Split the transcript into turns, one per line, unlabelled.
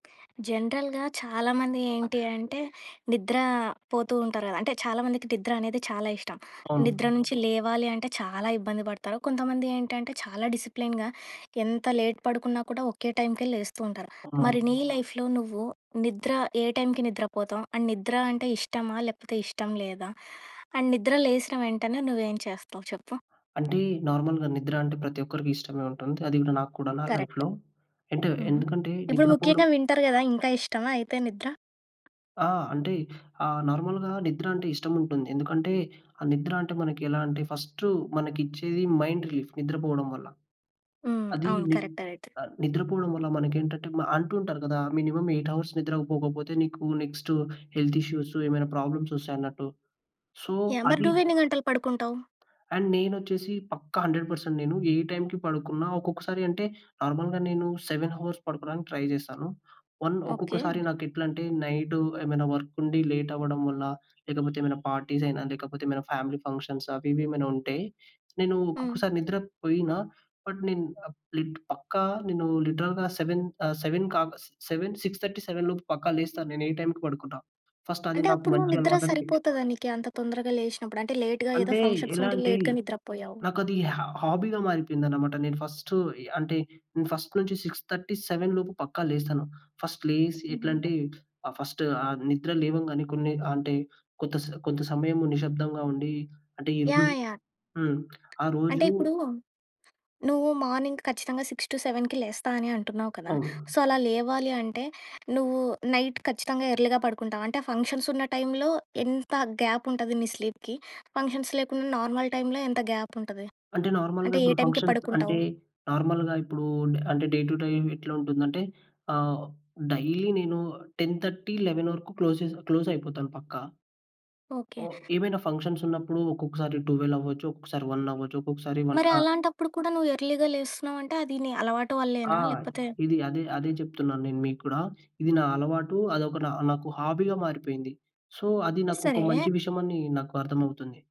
జనరల్‌గా చాలామంది ఏంటి అంటే, నిద్ర పోతూ ఉంటారు గదా! అంటే చాలామందికి నిద్ర అనేది చాలా ఇష్టం.
అవును.
నిద్ర నుంచి లేవాలి అంటే చాలా ఇబ్బంది పడతారు. కొంతమంది ఏంటంటే చాలా డిసిప్లిన్‌గా ఎంత లేట్ పడుకున్నా కూడా ఒకే టైంకే లేస్తూ ఉంటారు.
ఆ!
మరి నీ లైఫ్‌లో నువ్వు నిద్ర ఏ టైంకి నిద్ర పోతావు? అండ్ నిద్ర అంటే ఇష్టమా లేపోతే ఇష్టం లేదా? అండ్ నిద్ర లేసిన వెంటనే నువ్వు ఏం చేస్తావు చెప్పు.
అంటే నార్మల్‌గా నిద్ర అంటే ప్రతి ఒక్కరికి ఇష్టమే ఉంటుంది. అది కూడా నాకు కూడా నా
కరక్ట్.
లైఫ్‌లో అంటే,
హుహు.
ఎందుకంటే
ఇప్పుడు
నిద్రపోడం
ముఖ్యంగా వింటర్ గదా! ఇంకా ఇష్టమా అయితే నిద్ర?
ఆ! అంటే ఆహ్, నార్మల్‌గా నిద్ర అంటే ఇష్టం ఉంటుంది. ఎందుకంటే, ఆ నిద్ర అంటే మనకి ఎలా అంటే, ఫస్ట్ మనకిచ్చేది మైండ్ రిలీఫ్. నిద్రపోవడం వల్ల.
హ్మ్.
అది
అవును.
ని
కరెక్టే అయితే.
నిద్రపోవడం వల్ల మనకేంటంటే అంటుంటారు గదా! మినిమమ్ 8 అవర్స్ నిద్ర పోకపోతే నీకు నెక్స్ట్ హెల్త్ ఇష్యూస్, ఏమైనా ప్రాబ్లమ్స్ వస్తాయి అన్నట్టు. So,
yeah! మరి
అది
నువ్వెన్ని గంటలు పడుకుంటావు?
అండ్ నేనొచ్చేసి పక్కా 100% నేను ఏ టైంకి పడుకున్న ఒక్కొక్కసారి అంటే నార్మల్‌గా నేను 7 హవర్స్ పడుకోవడానికి ట్రై చేస్తాను. One
okay.
ఒక్కొక్కసారి
జ్
నాకు ఎట్లంటే నైట్ ఏమైనా వర్క్ ఉండి లేట్ అవ్వడం వల్ల లేకపోతే ఏమైనా పార్టీస్ అయినా, లేకపోతే ఏమైనా ఫ్యామిలీ ఫంక్షన్స్ అవి ఇవి ఏమైనా ఉంటే, నేను
హ్మ్.
ఒక్కొక్కసారి నిద్ర పోయినా బట్, నేను లిట్ పక్కా నేను లిటరల్‌గా 7 ఆహ్, సెవెన్‌కాక 7, 6:30, 7 లోపు పక్కా లేస్తా నేను ఏ టైంకి పడుకున్నా. ఫస్ట్ అది
అంటే
నాకు
అప్పుడు
మంచి
నిద్ర
అలవాటంతే.
సరిపోతదా నీకి, అంత తొందరగా లేషినప్పుడు? అంటే లేట్‌గా ఏదో
అంటే,
ఫంక్షన్స్
ఎలా
ఉంటే
అంటే
లేట్‌గా నిద్ర పోయావు.
నాకది హా హాబీగా మారిపోయిందనమాట. నేను ఫస్ట్ అంటే ఫస్ట్ నుంచి 6:30, 7:00 లోపు పక్కా లేస్తాను. ఫస్ట్ లేసి
హుహు.
ఎట్లాంటే ఆహ్, ఫస్ట్ ఆహ్, నిద్ర లేవంగానే కొన్ని అంటే కొంత స్ కొంత సమయము నిశ్శబ్దంగా ఉండి అంటే ఎనుబుయి
యాహ్! యాహ్!
హ్మ్. ఆ
అంటే
రోజు
ఇప్పుడు, నువ్వు మార్నింగ్ ఖచ్చితంగా 6-7కి లేస్తా అని అంటున్నావు కదా!
అవును.
సో, అలా లేవాలి అంటే నువ్వు నైట్ ఖచ్చితంగా ఎర్లీగా పడుకుంటావు. అంటే ఫంక్షన్స్ ఉన్న టైంలో ఎంత గ్యాప్ ఉంటది నీ స్లీప్‌కి? ఫంక్షన్స్ లేకుండా నార్మల్ టైంలో ఎంత గ్యాప్ ఉంటది?
అంటే నార్మల్‌గా
అంటే ఏ
ఇప్పుడు
టైంకి
ఫంక్షన్స్
పడుకుంటావు?
అంటే నార్మల్‌గా ఇప్పుడు అంటే డే టు టైం ఎట్లా ఉంటుందంటే ఆహ్, డైలీ నేను 10:30, 11 :00 వరుకు క్లోజ్ చేసి క్లోజ్ అయిపోతాను పక్కా.
ఓకే.
ఓహ్! ఏవైనా ఫంక్షన్స్ ఉన్నప్పుడు ఒక్కొక్కసారి టువెల్ అవ్వొచ్చు. ఒక్కొక్కసారి 1 అవ్వచ్చు. ఒక్కొక్కసారి 1
మరి
ఆ!
అలాంటప్పుడు కూడా నువ్వు ఎర్లీ‌గా లేస్తున్నావంటే అది నీ అలవాటు
ఆ!
వల్లేనా? లేకపోతే
ఇది అదే అదే చెప్తున్నాను. నేను మీకు కూడా ఇది నా అలవాటు. అదొక నా నాకు హాబీగా మారిపోయింది. సో, అది నాకు ఒక
సరే.
మంచి విషయం అని నాకు అర్థమవుతుంది.